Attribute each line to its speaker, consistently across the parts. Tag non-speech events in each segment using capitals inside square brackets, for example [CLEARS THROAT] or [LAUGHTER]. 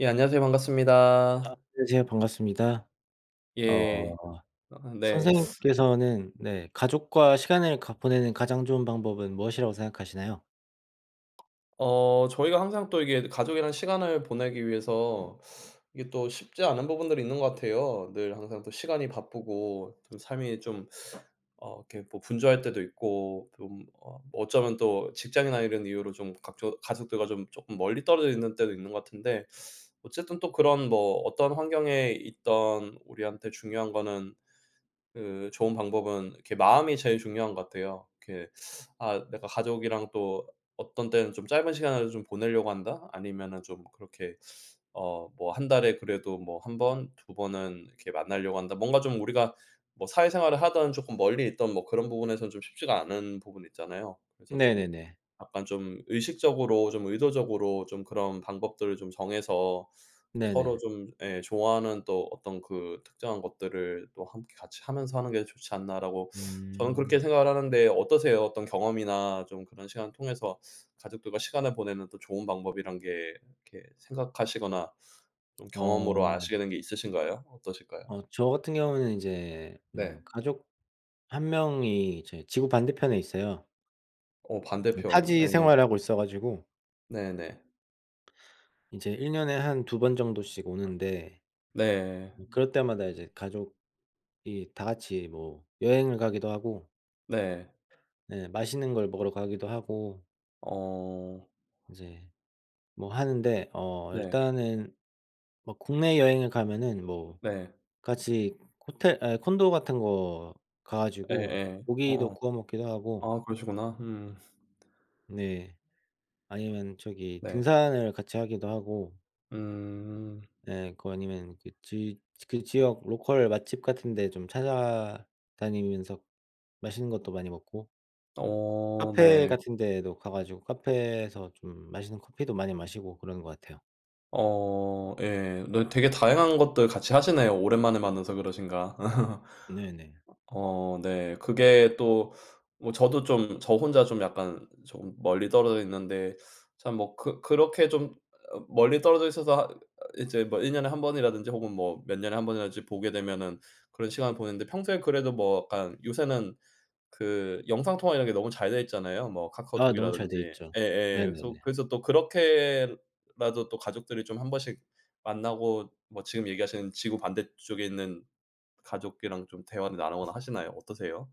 Speaker 1: 예 안녕하세요
Speaker 2: 아
Speaker 1: 반갑습니다.
Speaker 2: 아 안녕하세요 반갑습니다.
Speaker 1: 예.
Speaker 2: 어.
Speaker 1: 어 네.
Speaker 2: 선생님께서는 네 가족과 시간을 가 보내는 가장 좋은 방법은 무엇이라고 생각하시나요?
Speaker 1: 어 저희가 항상 또 이게 가족이랑 시간을 보내기 위해서 이게 또 쉽지 않은 부분들이 있는 것 같아요. 늘 항상 또 시간이 바쁘고 좀 삶이 좀 어 이렇게 뭐 분주할 때도 있고 좀 어 어쩌면 또 직장이나 이런 이유로 좀 각조 가족들과 좀 쪼끔 멀리 떨어져 있는 때도 있는 것 같은데 어쨌든 또 그런 뭐 어떤 환경에 있든 우리한테 중요한 거는 그 좋은 방법은 이렇게 마음이 제일 중요한 것 같아요. 이렇게 '아 내가 가족이랑 또 어떤 때는 좀 짧은 시간을 좀 보내려고 한다.' 아니면은 좀 그렇게 어 뭐 '1 달에 그래도 뭐 1 번, 2 번은 이렇게 만나려고 한다.' 뭔가 좀 우리가 뭐 사회생활을 하든 쪼끔 멀리 있든 뭐 그런 부분에서는 좀 쉽지가 않은 부분 있잖아요. 그래서 좀
Speaker 2: 네네네.
Speaker 1: 약간 좀 '의식적으로 좀 의도적으로 좀 그런 방법들을 좀 정해서 또
Speaker 2: 네네.
Speaker 1: 서로 좀 예 좋아하는 또 어떤 그 특정한 것들을 또 함께 같이 하면서 하는 게 좋지 않나.'라고 저는
Speaker 2: 음.
Speaker 1: 그렇게 생각을 하는데 어떠세요? 어떤 경험이나 좀 그런 시간 통해서 가족들과 시간을 보내는 또 좋은 방법이라는 게 이렇게 생각하시거나 좀 경험으로
Speaker 2: 어.
Speaker 1: 아시게 된 게 있으신가요? 어떠실까요?
Speaker 2: 어 저 같은 경우는 인제 음
Speaker 1: 네.
Speaker 2: 가족 1 명이 이제 지구 반대편에 있어요.
Speaker 1: 어
Speaker 2: 음
Speaker 1: 반대편
Speaker 2: 타지
Speaker 1: 예.
Speaker 2: 생활하고 있어 가지고
Speaker 1: 네네.
Speaker 2: 이제 1 년에 한 2 번 정도씩 오는데
Speaker 1: 네.
Speaker 2: 음 그럴 때마다 이제 가족이 다 같이 뭐 여행을 가기도 하고
Speaker 1: 네.
Speaker 2: 네 맛있는 걸 먹으러 가기도 하고
Speaker 1: 어.
Speaker 2: 인제 뭐 하는데 어
Speaker 1: 네.
Speaker 2: 일단은 뭐 국내 여행을 가면은 뭐
Speaker 1: 네.
Speaker 2: 같이 호텔 아 콘도 같은 거 가 가지고
Speaker 1: 예예.
Speaker 2: 고기도
Speaker 1: 어.
Speaker 2: 구워 먹기도 하고
Speaker 1: 아 그러시구나 음.
Speaker 2: 네 아니면 저기
Speaker 1: 네.
Speaker 2: 등산을 같이 하기도 하고
Speaker 1: 음.
Speaker 2: 예 그거 아니면 그 지 그 지역 로컬 맛집 같은 데 좀 찾아다니면서 맛있는 것도 많이 먹고
Speaker 1: 어
Speaker 2: 카페
Speaker 1: 네.
Speaker 2: 같은 데도 가 가지고 카페에서 좀 맛있는 커피도 많이 마시고 그런 것 같아요.
Speaker 1: 어 예. 너 되게 다양한 것들 같이 하시네요, 오랜만에 만나서 그러신가. [LAUGHS]
Speaker 2: 네네.
Speaker 1: 어 어 네. 그게 또 뭐 저도 좀 저 혼자 좀 약간 조금 멀리 떨어져 있는데 참 뭐 그 그렇게 좀 어 멀리 떨어져 있어서 하 이제 뭐 1 년에 1 번이라든지 혹은 뭐 몇 년에 1 번이라든지 보게 되면은 그런 시간을 보냈는데 평소에 그래도 뭐 약간 요새는 그 영상 통화 이런 게 너무 잘 되어 있잖아요, 뭐
Speaker 2: 아 너무
Speaker 1: 카카오톡이라든지.
Speaker 2: 잘돼 있죠.
Speaker 1: 예예 계속
Speaker 2: 네네네.
Speaker 1: 그래서 또 그렇게라도 또 가족들이 좀 한번씩 만나고 뭐 지금 얘기하시는 지구 반대쪽에 있는 가족이랑 좀 대화를 나누거나 하시나요? 어떠세요?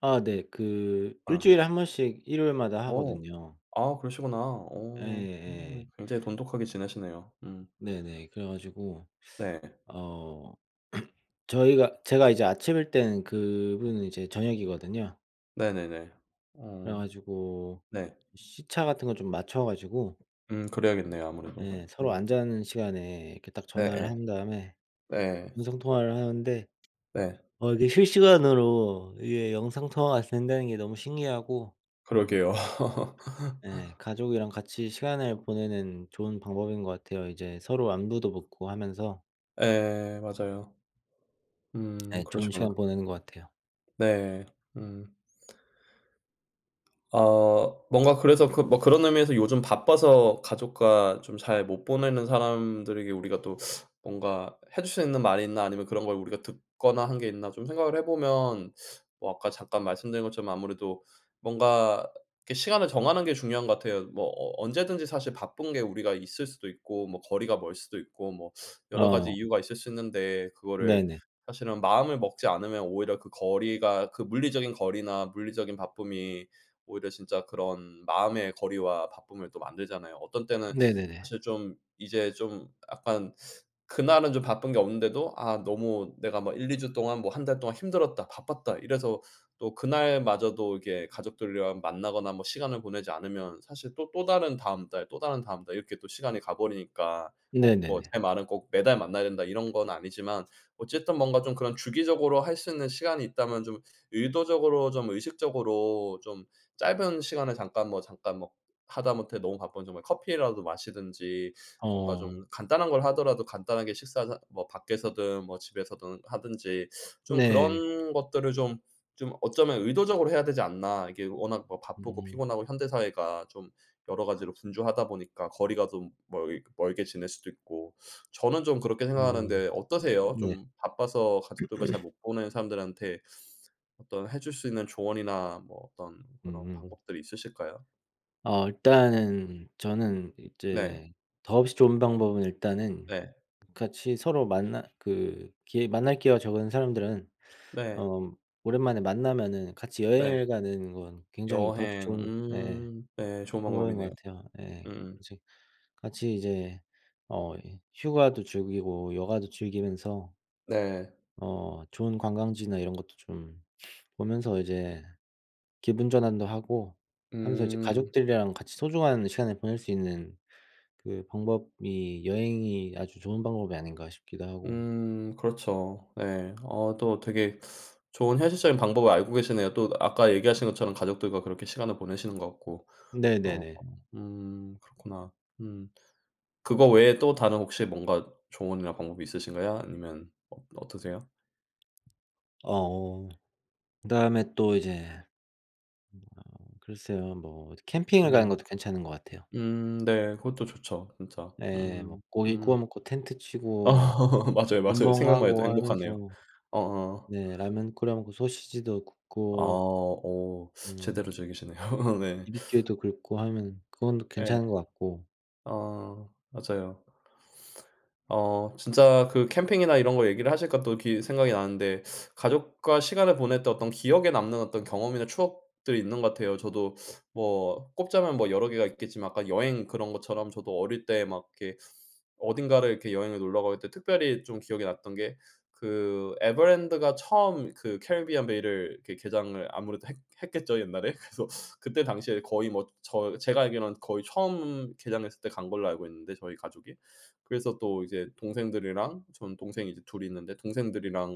Speaker 2: 아 네 그 1
Speaker 1: 어.
Speaker 2: 주일에 1 번씩 일요일마다
Speaker 1: 어.
Speaker 2: 하거든요.
Speaker 1: 아 그러시구나. 어
Speaker 2: 예예.
Speaker 1: 충분히 굉장히 돈독하게 지내시네요. 음.
Speaker 2: 네네 그래 가지고
Speaker 1: 네.
Speaker 2: 어 [CLEARS THROAT] 저희가 제가 이제 아침일 때는 그분은 이제 저녁이거든요.
Speaker 1: 네네네
Speaker 2: 그래
Speaker 1: 어
Speaker 2: 가지고
Speaker 1: 네.
Speaker 2: 시차 같은 거 좀 맞춰 가지고
Speaker 1: 음 그래야겠네요. 아무래도
Speaker 2: 네 서로
Speaker 1: 음.
Speaker 2: 안 자는 시간에 이렇게 딱 전화를
Speaker 1: 네예.
Speaker 2: 한 다음에
Speaker 1: 예.
Speaker 2: 음성 통화를 하는데
Speaker 1: 네.
Speaker 2: 어 이게 실시간으로 이게 영상통화가 된다는 게 너무 신기하고 음
Speaker 1: 그러게요.
Speaker 2: 예
Speaker 1: [LAUGHS]
Speaker 2: 가족이랑 같이 시간을 보내는 좋은 방법인 것 같아요. 이제 서로 안부도 묻고 하면서
Speaker 1: 예 맞아요. 음
Speaker 2: 예 좋은
Speaker 1: 그러시구나.
Speaker 2: 시간 보내는 것 같아요.
Speaker 1: 네. 음. 어 뭔가 그래서 그 뭐 그런 의미에서 '요즘 바빠서 가족과 좀 잘 못 보내는 사람들에게 우리가 또 [SUCKS TEETH] 뭔가 해 줄 수 있는 말 있나? 아니면 그런 걸 우리가 듣거나 한 게 있나?' 좀 생각을 해 보면 어 아까 잠깐 말씀드린 것처럼 아무래도 뭔가 이렇게 시간을 정하는 게 중요한 것 같아요. 뭐 어 언제든지 사실 바쁜 게 우리가 있을 수도 있고 뭐 거리가 멀 수도 있고 뭐 여러 가지
Speaker 2: 어.
Speaker 1: 이유가 있을 수 있는데 그거를
Speaker 2: 네네.
Speaker 1: 사실은 마음을 먹지 않으면 오히려 그 거리가 그 물리적인 거리나 물리적인 바쁨이 오히려 진짜 그런 마음의 거리와 바쁨을 또 만들잖아요. 어떤 때는
Speaker 2: 네네네.
Speaker 1: 사실 좀 이제 좀 약간 그날은 좀 바쁜 게 없는데도 '아 너무 내가 막 1-2 주 동안 뭐 1 달 동안 힘들었다. 바빴다.' 이래서 또 그날마저도 이게 가족들이랑 만나거나 뭐 시간을 보내지 않으면 사실 또 또 다른 다음 달, 또 다른 다음 달 이렇게 또 시간을 가 버리니까 꼭 뭐
Speaker 2: 네네네.
Speaker 1: 제 말은 꼭 "매달 만나야 된다." 이런 건 아니지만 어쨌든 뭔가 좀 그런 주기적으로 할 수 있는 시간이 있다면 좀 의도적으로, 좀 의식적으로 좀 짧은 시간을 잠깐 뭐 잠깐 뭐 하다못해 너무 바쁘면 정말 커피라도 마시든지 뭔가
Speaker 2: 어.
Speaker 1: 좀 간단한 걸 하더라도 간단하게 식사 자 뭐 밖에서든 뭐 집에서든 하든지 좀
Speaker 2: 네.
Speaker 1: 그런 것들을 좀 좀 어쩌면 '의도적으로 해야 되지 않나?' 이게 워낙 뭐 바쁘고
Speaker 2: 음.
Speaker 1: 피곤하고 현대 사회가 좀 여러 가지로 분주하다 보니까 거리가 좀 멀 이 멀게 지낼 수도 있고 저는 좀 그렇게
Speaker 2: 음.
Speaker 1: 생각하는데 어떠세요?
Speaker 2: 네.
Speaker 1: 좀 바빠서 가족들과 잘
Speaker 2: [CLEARS THROAT]
Speaker 1: 못 보는 사람들한테 어떤 해 줄 수 있는 조언이나 뭐 어떤 그런
Speaker 2: 음.
Speaker 1: 방법들이 있으실까요?
Speaker 2: 어 일단은 저는
Speaker 1: 네.
Speaker 2: 이제 더없이 좋은 방법은 일단은
Speaker 1: 네.
Speaker 2: 같이 서로 만날 그 기회 만날 기회가 적은 사람들은
Speaker 1: 네.
Speaker 2: 어 음 오랜만에 만나면은 같이
Speaker 1: 네.
Speaker 2: 여행을 가는 건 굉장히 더없이
Speaker 1: 여행.
Speaker 2: 좋은 네 예
Speaker 1: 음. 네. 좋은
Speaker 2: 방법인
Speaker 1: 방법이네요.
Speaker 2: 것 같아요. 예
Speaker 1: 음
Speaker 2: 예.
Speaker 1: 음.
Speaker 2: 이제 같이 이제 어 이 휴가도 즐기고 여가도 즐기면서
Speaker 1: 네.
Speaker 2: 어 좋은 관광지나 이런 것도 좀 [SNIFFS] 보면서 이제 기분 전환도 하고 하면서 이제
Speaker 1: 음.
Speaker 2: 가족들이랑 같이 소중한 시간을 보낼 수 있는 그 방법이 '여행이 아주 좋은 방법이 아닌가.' 싶기도 하고.
Speaker 1: 음 그렇죠. 예. 어 또 되게 좋은 현실적인 방법을 알고 계시네요. 또 아까 얘기하신 것처럼 가족들과 그렇게 시간을 보내시는 것 같고. 어 어.
Speaker 2: 네네네.
Speaker 1: 음. 그렇구나. 음. 그거 외에 또 다른 혹시 뭔가 조언이나 방법이 있으신가요? 아니면 어 어떠세요?
Speaker 2: 어 오. 그다음에 또 이제 어 글쎄요 뭐 이제 캠핑을 가는
Speaker 1: 음.
Speaker 2: 것도 괜찮은 것 같아요.
Speaker 1: 음. 네. 그것도 좋죠 진짜.
Speaker 2: 네. 뭐
Speaker 1: 음.
Speaker 2: 고기
Speaker 1: 음.
Speaker 2: 구워 먹고 텐트
Speaker 1: 어.
Speaker 2: 치고 막
Speaker 1: [LAUGHS] 맞아요, 맞아요.
Speaker 2: 불멍
Speaker 1: 생각만 해도
Speaker 2: 하고
Speaker 1: 행복하네요.
Speaker 2: 하면서
Speaker 1: 어어.
Speaker 2: 네 라면 끓여 먹고 소시지도
Speaker 1: 아.
Speaker 2: 굽고
Speaker 1: 오.
Speaker 2: 음
Speaker 1: 제대로 즐기시네요. [LAUGHS] 네.
Speaker 2: 비비큐도 긁고 하면 그건
Speaker 1: 예.
Speaker 2: 괜찮은 것 같고.
Speaker 1: 어. 맞아요. 어 진짜 그 캠핑이나 이런 거 얘기를 하시니까 또 기 생각이 나는데 가족과 시간을 보낼 때 어떤 기억에 남는 어떤 경험이나 추억들이 있는 것 같아요. 저도 뭐 꼽자면 뭐 여러 개가 있겠지만 아까 여행 그런 것처럼 저도 어릴 때 막 이렇게 어딘가를 이렇게 여행을 놀러 가고 할 때 특별히 좀 기억에 났던 게 그 에버랜드가 처음 그 캐리비안 베이를 그 개장을 아무래도 했 했겠죠 옛날에? 그래서 그때 당시에 거의 뭐 저 제가 알기로는 거의 처음 개장했을 때 간 걸로 알고 있는데 저희 가족이. 그래서 또 이제 동생들이랑 저는 동생이 이제 2 이 있는데 동생들이랑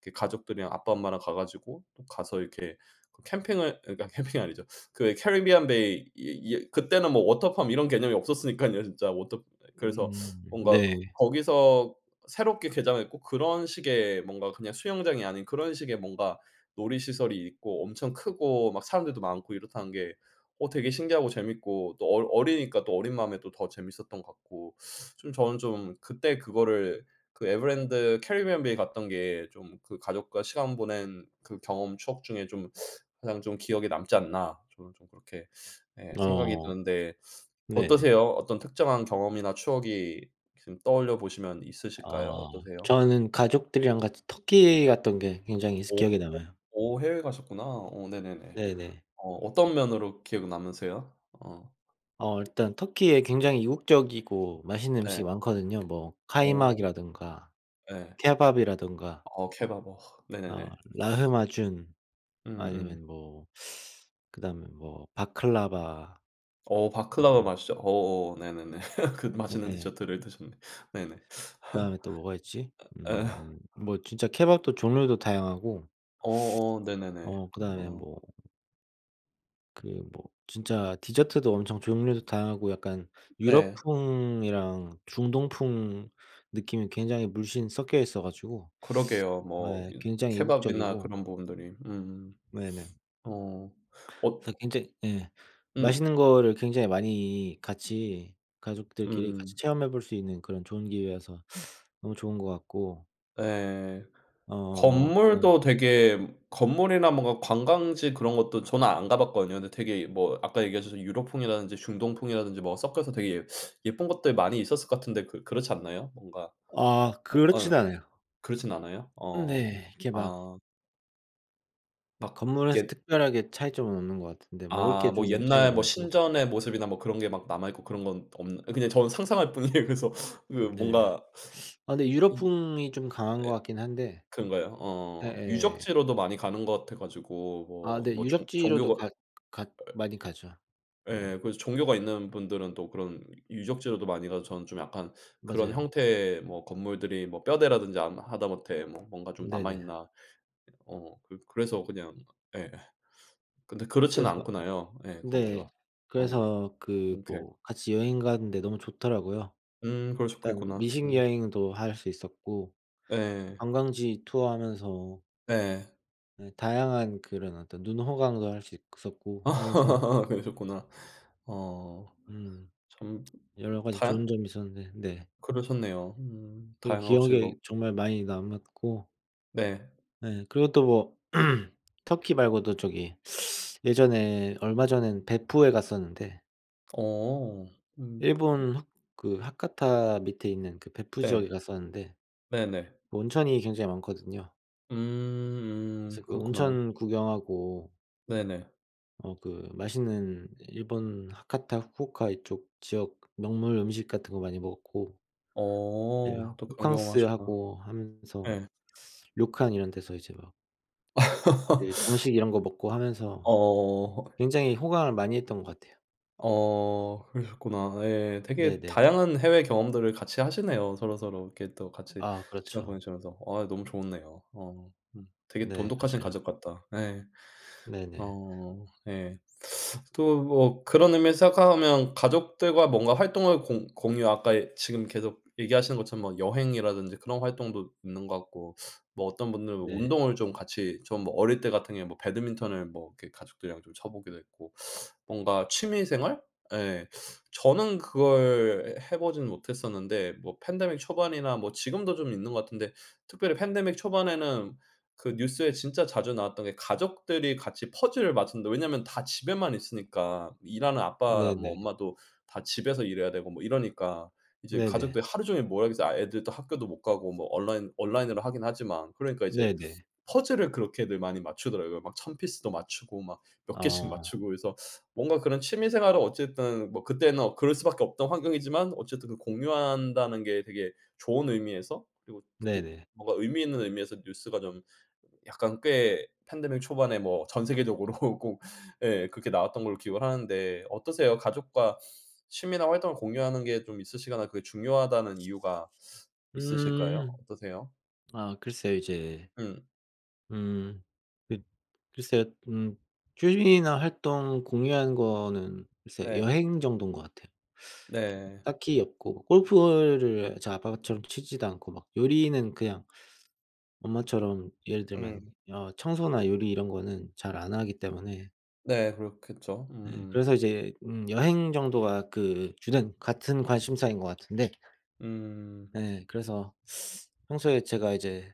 Speaker 1: 이렇게 가족들이랑 아빠 엄마랑 가 가지고 또 가서 이렇게 캠핑을 그러니까 캠핑이 아니죠. 그 에 캐리비안 베이 이 이어 그때는 뭐 워터 팜 이런 개념이 없었으니깐요 진짜. 워터 그래서
Speaker 2: 음.
Speaker 1: 뭔가 그
Speaker 2: 네.
Speaker 1: 거기서 새롭게 개장을 했고 그런 식의 뭔가 그냥 수영장이 아닌 그런 식의 뭔가 놀이시설이 있고 엄청 크고 막 사람들도 많고 이렇다는 게 어 되게 신기하고 재미있고 또 어 어리니까 또 어린 마음에 또 더 재미있었던 것 같고 좀 저는 좀 '그때 그거를 그 에버랜드 캐리비안 베이 갔던 게 좀 그 가족과 시간 보낸 그 경험 추억 중에 좀 가장 좀 기억에 남지 않나?' 저는 좀 그렇게 예 생각이
Speaker 2: 어.
Speaker 1: 드는데
Speaker 2: 네네.
Speaker 1: 어떠세요? 어떤 특정한 경험이나 추억이 지금 떠올려 보시면 있으실까요?
Speaker 2: 아.
Speaker 1: 어떠세요?
Speaker 2: 저는 가족들이랑 같이 터키 갔던 게 굉장히 이 스
Speaker 1: 오. 오.
Speaker 2: 기억에 남아요.
Speaker 1: 오. 해외 가셨구나. 오. 네네네.
Speaker 2: 네네.
Speaker 1: 어 어떤 면으로 기억 남으세요? 어.
Speaker 2: 어. 일단 터키에 굉장히 이국적이고 맛있는
Speaker 1: 네.
Speaker 2: 음식이 많거든요. 뭐
Speaker 1: 어.
Speaker 2: 카이막이라든가
Speaker 1: 예.
Speaker 2: 케밥이라든가
Speaker 1: 어우 케밥. 와.
Speaker 2: 어
Speaker 1: 네네네. [SNIFFS]
Speaker 2: 라흐마준
Speaker 1: 음음.
Speaker 2: 아니면 뭐 그다음에 뭐 바클라바
Speaker 1: 어 바클라바
Speaker 2: 어
Speaker 1: 맛있죠. 어어 네네네. [LAUGHS] 그
Speaker 2: 네
Speaker 1: 맛있는
Speaker 2: 예.
Speaker 1: 디저트를 드셨네. 네네. [LAUGHS]
Speaker 2: 그다음에 또 뭐가 있지?
Speaker 1: 어 예.
Speaker 2: 음 뭐 진짜 케밥도 종류도 다양하고
Speaker 1: 어 어. 네네네.
Speaker 2: 어 그다음에
Speaker 1: 어.
Speaker 2: 뭐 그 뭐 진짜 디저트도 엄청 종류도 다양하고 약간
Speaker 1: 네.
Speaker 2: 유럽풍이랑 중동풍 느낌이 굉장히 물씬 섞여 있어 가지고
Speaker 1: 그러게요. 뭐
Speaker 2: 예
Speaker 1: 이
Speaker 2: 굉장히
Speaker 1: 케밥이나
Speaker 2: 이국적이고
Speaker 1: 그런 부분들이 음.
Speaker 2: 네네.
Speaker 1: 어. 엇
Speaker 2: 그래서 굉장히 예
Speaker 1: 음.
Speaker 2: 맛있는 거를 굉장히 많이 같이 가족들끼리 같이
Speaker 1: 음.
Speaker 2: 체험해 볼 수 있는 그런 좋은 기회여서 너무 좋은 것 같고
Speaker 1: 예.
Speaker 2: 어 그다음
Speaker 1: 건물도 되게 건물이나 뭔가 관광지 그런 것도 저는 안 가봤거든요. 근데 되게 뭐 아까 얘기하시던 유럽풍이라든지 중동풍이라든지 뭐 섞여서 되게 예 예쁜 것들 많이 있었을 거 같은데 그 그렇지 않나요? 뭔가
Speaker 2: 아.
Speaker 1: 어 응.
Speaker 2: 그렇지는 않아요.
Speaker 1: 그렇진 않아요?
Speaker 2: 음
Speaker 1: 어.
Speaker 2: 네. 이렇게 막
Speaker 1: 아. 막
Speaker 2: 건물에서
Speaker 1: 옛
Speaker 2: 특별하게 차이점은 없는 것 같은데 먹을
Speaker 1: 아
Speaker 2: 게
Speaker 1: 뭐
Speaker 2: 좀 차이가
Speaker 1: 옛날 뭐
Speaker 2: 많고
Speaker 1: 신전의 모습이나 뭐 그런 게 막 남아 있고 그런 건 없나 그냥 저는 상상할 뿐이에요. 그래서
Speaker 2: 네. [SUCKS TEETH]
Speaker 1: 뭔가
Speaker 2: 아 근데
Speaker 1: 그이
Speaker 2: 유럽풍이 좀 강한 것
Speaker 1: 예
Speaker 2: 같긴 한데
Speaker 1: 그런가요 어
Speaker 2: 예예.
Speaker 1: 유적지로도 많이 가는 것 같아 가지고
Speaker 2: 아 네.
Speaker 1: 뭐 뭐 종
Speaker 2: 유적지로도
Speaker 1: 종교가
Speaker 2: 갔 갔
Speaker 1: 예
Speaker 2: 많이 가죠.
Speaker 1: 예.
Speaker 2: 네.
Speaker 1: 그래서 종교가 있는 분들은 또 그런 유적지로도 많이 가서 저는 좀 약간 그런
Speaker 2: 맞아요.
Speaker 1: 형태 뭐 건물들이 뭐 뼈대라든지 암 하다 못해 뭔가 좀 남아
Speaker 2: 네네.
Speaker 1: 있나. 어 그 그래서 그냥 예 근데 그렇지는
Speaker 2: 그래서
Speaker 1: 않구나요 예
Speaker 2: 네
Speaker 1: 거기가. 어
Speaker 2: 그래서 그
Speaker 1: 그렇게
Speaker 2: 뭐 같이 여행 가는 데 너무 좋더라고요.
Speaker 1: 음
Speaker 2: 일단
Speaker 1: 그러셨겠구나.
Speaker 2: 미식
Speaker 1: 음.
Speaker 2: 여행도 할 수 있었고
Speaker 1: 예.
Speaker 2: 관광지 투어하면서
Speaker 1: 예.
Speaker 2: 네 다양한 그런 어떤 눈호강도 할 수 있었고 하면서
Speaker 1: [LAUGHS] 그러셨겠구나. 어
Speaker 2: 음.
Speaker 1: 점
Speaker 2: 여러 가지
Speaker 1: 다
Speaker 2: 좋은 점이 있었는데 네.
Speaker 1: 그러셨네요. 음
Speaker 2: 그게
Speaker 1: 다양하고 즐겁
Speaker 2: 기억에 정말 많이 남았고
Speaker 1: 네.
Speaker 2: 네. 그리고 또 뭐 [CLEARS THROAT] 터키 말고도 저기 [SUCKS TEETH] 예전에 얼마 전에는 벳푸에 갔었는데
Speaker 1: 어 음 그
Speaker 2: 일본 하 그 하카타 밑에 있는 그 벳푸
Speaker 1: 네.
Speaker 2: 지역에 갔었는데
Speaker 1: 네네.
Speaker 2: 온천이 굉장히 많거든요.
Speaker 1: 음 음.
Speaker 2: 그래서 그
Speaker 1: 그렇구나요.
Speaker 2: 온천 구경하고
Speaker 1: 네네.
Speaker 2: 어 그 맛있는 일본 하카타 후쿠오카 이쪽 지역 명물 음식 같은 거 많이 먹었고 네.
Speaker 1: 어. 또 그런 경험하셨다.
Speaker 2: 호캉스하고 하면서
Speaker 1: 예.
Speaker 2: 료칸 이런 데서 이제 막 예 정식 이런 거 먹고
Speaker 1: [LAUGHS]
Speaker 2: 하면서
Speaker 1: 어.
Speaker 2: 굉장히 호강을 많이 했던 것 같아요.
Speaker 1: 어. 그러셨구나. 예. 되게
Speaker 2: 네네네.
Speaker 1: 다양한 해외 경험들을 같이 하시네요 서로서로 이렇게 또 같이
Speaker 2: 아.
Speaker 1: 시간
Speaker 2: 그렇죠.
Speaker 1: 보내시면서. 어 너무 좋네요. 어. 음. 되게
Speaker 2: 네.
Speaker 1: 돈독하신
Speaker 2: 맞아요.
Speaker 1: 가족 같다. 예.
Speaker 2: 네네.
Speaker 1: 어. 예. [SUCKS TEETH] 또 뭐 그런 의미에서 생각하면 가족들과 뭔가 활동을 공 공유 아까 예 지금 계속 얘기하시는 것처럼 뭐 여행이라든지 그런 활동도 있는 것 같고 뭐 어떤 분들은
Speaker 2: 네.
Speaker 1: 운동을 좀 같이 좀 어릴 때 같은 경우에는 배드민턴을 뭐 이렇게 가족들이랑 좀 쳐 보기도 했고 뭔가 취미 생활? 예 저는 그걸 해 보진 못했었는데 뭐 팬데믹 초반이나 뭐 지금도 좀 있는 것 같은데 특별히 팬데믹 초반에는 그 뉴스에 진짜 자주 나왔던 게 '가족들이 같이 퍼즐을 맞춘다.' 왜냐하면 다 집에만 있으니까. 일하는 아빠 뭐
Speaker 2: 네네.
Speaker 1: 엄마도 다 집에서 일해야 되고 뭐 이러니까 이제
Speaker 2: 네네.
Speaker 1: 가족들이 하루 종일 뭐하겠어요. 애들도 학교도 못 가고 뭐 온라인 온라인으로 하긴 하지만. 그러니까 이제
Speaker 2: 네네.
Speaker 1: 퍼즐을 그렇게들 많이 맞추더라고요. 막 1000 피스도 맞추고 막 몇 개 씩
Speaker 2: 어.
Speaker 1: 맞추고 그래서 뭔가 그런 취미 생활은 어쨌든 뭐 그때는 그럴 수밖에 없던 환경이지만 어쨌든 공유한다는 게 되게 좋은 의미에서 그리고 특히
Speaker 2: 네네.
Speaker 1: 뭔가 의미 있는 의미에서 뉴스가 좀 약간 꽤 팬데믹 초반에 뭐 전 세계적으로 꼭 예 그렇게 나왔던 걸로 기억을 하는데 어떠세요? 가족과 취미나 활동을 공유하는 게 좀 있으시거나 그게 중요하다는 이유가 있으실까요?
Speaker 2: 음.
Speaker 1: 어떠세요?
Speaker 2: 아 글쎄요 이제
Speaker 1: 음.
Speaker 2: 음. 그 글쎄요. 음. 취미나 활동 공유하는 거는 글쎄
Speaker 1: 네.
Speaker 2: 여행 정도인 것 같아요. 이렇게
Speaker 1: 네.
Speaker 2: 딱히 없고 골프를 저희 아빠처럼 치지도 않고 막 요리는 그냥 엄마처럼 예를 들면
Speaker 1: 음.
Speaker 2: 어 청소나 요리 이런 거는 잘 안 하기 때문에
Speaker 1: 네. 그렇겠죠.
Speaker 2: 네
Speaker 1: 음음.
Speaker 2: 그래서 이제 음 여행 정도가 그 주된 같은 관심사인 것 같은데
Speaker 1: 음.
Speaker 2: 예. 그래서 평소에 제가 이제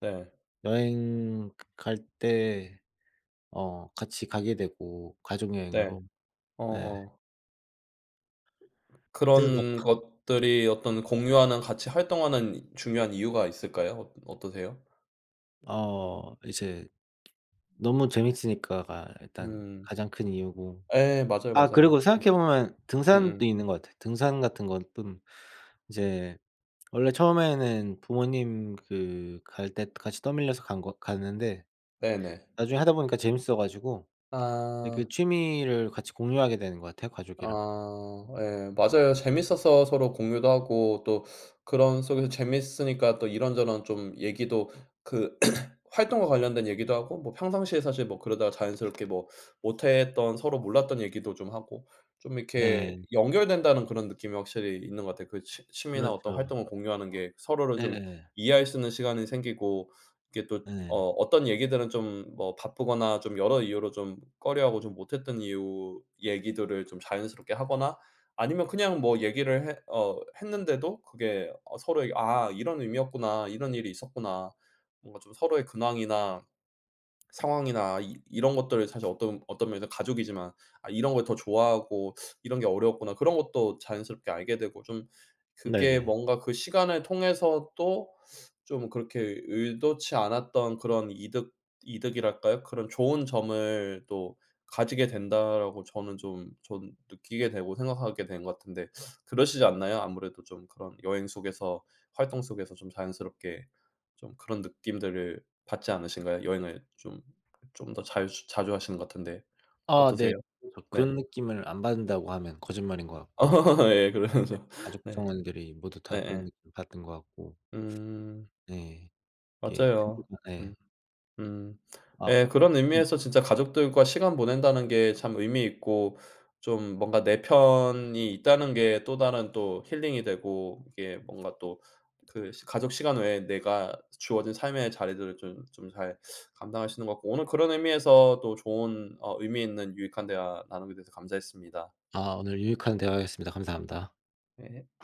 Speaker 1: 네.
Speaker 2: 여행 갈 때 어 같이 가게 되고
Speaker 1: 네.
Speaker 2: 가족여행으로. 예.
Speaker 1: 어어.
Speaker 2: 대박.
Speaker 1: 그런 것들이 어떤 공유하는 같이 활동하는 중요한 이유가 있을까요 어 어떠세요?
Speaker 2: 어 이제 너무 재밌으니까가 일단
Speaker 1: 음.
Speaker 2: 가장 큰 이유고
Speaker 1: 예 맞아요,
Speaker 2: 아 그리고
Speaker 1: 맞아요. 음.
Speaker 2: 생각해 보면
Speaker 1: 음음.
Speaker 2: 등산도 있는 것 같아요. 등산 같은 건 뜸 이제 원래 처음에는 부모님 그 갈 때 같이 떠밀려서 간 거 갔는데
Speaker 1: 네네.
Speaker 2: 나중에 하다 보니까 재밌어 가지고 예 그
Speaker 1: 아.
Speaker 2: 취미를 같이 공유하게 되는 것 같아요 가족이랑.
Speaker 1: 아 예 맞아요. 재밌어서 서로 공유도 하고 또 그런 속에서 재미있으니까 또 이런저런 좀 얘기도 그 [CLEARS THROAT] 활동과 관련된 얘기도 하고 뭐 평상시에 사실 뭐 그러다가 자연스럽게 뭐 못 했던 서로 몰랐던 얘기도 좀 하고 좀 이렇게
Speaker 2: 네.
Speaker 1: '연결된다.'는 그런 느낌이 확실히 있는 것 같아요. 그 취 취미나 어떤
Speaker 2: 그렇죠.
Speaker 1: 활동을 공유하는 게 서로를 좀
Speaker 2: 네에.
Speaker 1: 이해할 수 있는 시간이 생기고 이렇게 또 어
Speaker 2: 예.
Speaker 1: 어떤 얘기들은 좀 뭐 바쁘거나 좀 여러 이유로 좀 꺼려하고 좀 못했던 이유 얘기들을 좀 자연스럽게 하거나 아니면 그냥 뭐 얘기를 했 어 했는데도 그게 어 서로 '아 이런 의미였구나. 이런 일이 있었구나.' 뭔가 좀 서로의 근황이나 상황이나 이 이런 것들을 사실 어떤 어떤 면에서는 가족이지만 '아 이런 걸 더 좋아하고 이런 게 어려웠구나.' 그런 것도 자연스럽게 알게 되고 좀 그게
Speaker 2: 네네.
Speaker 1: 뭔가 그 시간을 통해서 또 좀 그렇게 의도치 않았던 그런 이득, 이득이랄까요? '그런 좋은 점을 또 가지게 된다.'라고 저는 좀 전 느끼게 되고 생각하게 된 것 같은데 그러시지 않나요. 아무래도 좀 그런 여행 속에서 활동 속에서 좀 자연스럽게 좀 그런 느낌들을 받지 않으신가요? 여행을 좀, 좀 더 잘 자주 하시는 것 같은데
Speaker 2: 아 네.
Speaker 1: 어떠세요?
Speaker 2: 그래서
Speaker 1: 네.
Speaker 2: '그런 느낌을 안 받는다.'고 하면 거짓말인 것 같고. 네
Speaker 1: [LAUGHS] 예 그래야죠.
Speaker 2: 가족
Speaker 1: 네.
Speaker 2: 구성원들이 모두
Speaker 1: 네
Speaker 2: 다 그런
Speaker 1: 예.
Speaker 2: 느낌을 받은 것 같고.
Speaker 1: 음.
Speaker 2: 네. 이게
Speaker 1: 맞아요.
Speaker 2: [UNINTELLIGIBLE]
Speaker 1: 음.
Speaker 2: 예.
Speaker 1: 음.
Speaker 2: 아.
Speaker 1: 예 그런
Speaker 2: [UNINTELLIGIBLE]
Speaker 1: 의미에서 진짜 '가족들과 시간 보낸다.'는 게 참 의미 있고 좀 뭔가 '내 편이 있다.'는 게 또 다른 또 힐링이 되고 이게 뭔가 또 그 시 가족 시간 외에 내가 주어진 삶의 자리들을 좀 좀 잘 감당할 수 있는 것 같고 오늘 그런 의미에서 또 좋은 어 의미 있는 유익한 대화 나누게 돼서 감사했습니다.
Speaker 2: 아 오늘 유익한 대화였습니다. 감사합니다.
Speaker 1: 예.